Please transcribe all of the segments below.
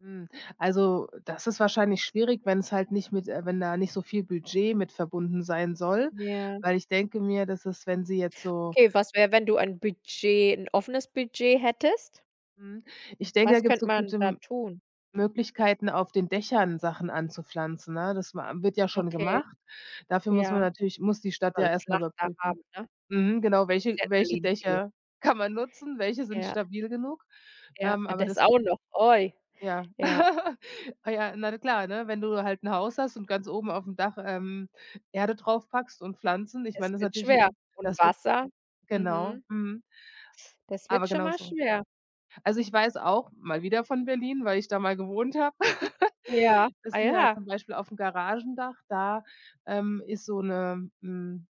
Hm, also, das ist wahrscheinlich schwierig, wenn's halt nicht mit äh, wenn da nicht so viel Budget mit verbunden sein soll, Ja. weil, ich denke mir, dass es wenn sie jetzt so Okay, was wäre, wenn du ein Budget 'n offenes Budget hättest? Hm, ich denke, da Was gibt's könnte so man gute da M tun? Möglichkeiten, auf den Dächern Sachen anzupflanzen, ne? Das man am wird ja schon Okay, gemacht. Dafür muss man ja. natürlich muss die Kann Stadt man ja 'n erst mal Flachdach überprüfen haben, ne? Mhm, genau. Gibt's Welche ja in welche Berlin viele. Dächer kann man nutzen? Welche sind Ja. stabil genug? Ja, Ähm, ah, aber das das auch noch, oi. Ja. Ja. Ah, ja, na klar, ne, wenn du halt 'n Haus hast und ganz oben auf dem Dach, ähm, Erde draufpackst und Pflanzen, ich Das meine, das ist wird natürlich schwer. 'n Und Das wird Wasser. Genau. Mhm. Mhm. Das wird Aber schon genau mal so. schwer. Also, ich weiß auch- mal wieder von Berlin, weil ich da mal gewohnt habe- Ja, ah, dass die halt zum ja. Beispiel aufm Garagendach da, ähm, ist so 'ne hm,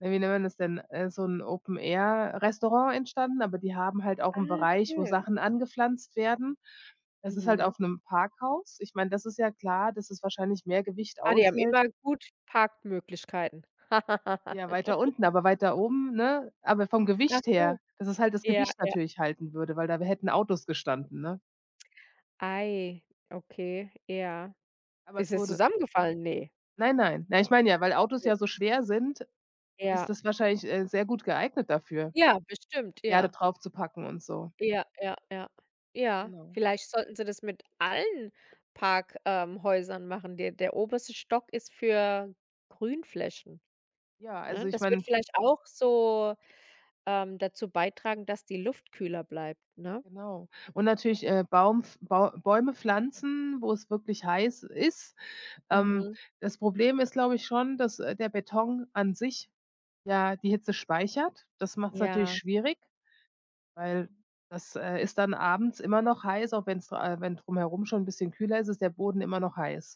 äh, wie nennt man das denn, äh, so 'n Open-Air-Restaurant entstanden, aber die haben halt auch 'n Ah, Bereich, wo schön. Sachen angepflanzt werden. Das ist halt Mhm. auf 'nem Parkhaus. Ich meine, das ist ja klar, dass es wahrscheinlich mehr Gewicht Ah, die haben aushält. immer gut Parkmöglichkeiten. Ja, weiter unten, aber weiter oben, ne aber vom Ach Gewicht so. her, dass es halt das Ja, Gewicht ja. natürlich halten würde, weil da w hätten Autos gestanden, ne? Ei, okay, ja. Aber Ist es das wurde zusammengefallen? Ne. Nein, nein. Nein, ich meine ja, weil Ach Autos so. ja so schwer sind, Ja. ist das wahrscheinlich, äh, sehr gut geeignet dafür, Ja, bestimmt, Erde ja. draufzupacken und so. Ja, ja, ja, ja. Genau. Vielleicht sollten sie das mit allen Park, ähm, Häusern machen. Der der oberste Stock ist für Grünflächen, Ja, also, ne? ich Das würde meine vielleicht auch so, ähm, dazu beitragen, dass die Luft kühler bleibt, ne? Genau. Und natürlich, äh, Baum pf Bau Bäume pflanzen, wo es wirklich heiß ist. Ähm, Mhm. das Problem ist, glaube ich, schon, dass, äh, der Beton an sich ja die Hitze speichert. Das macht's natürlich Ja. schwierig, weil das, äh, ist dann abends immer noch heiß, auch wenn's äh, wenn drumherum schon 'n bisschen kühler ist, ist der Boden immer noch heiß.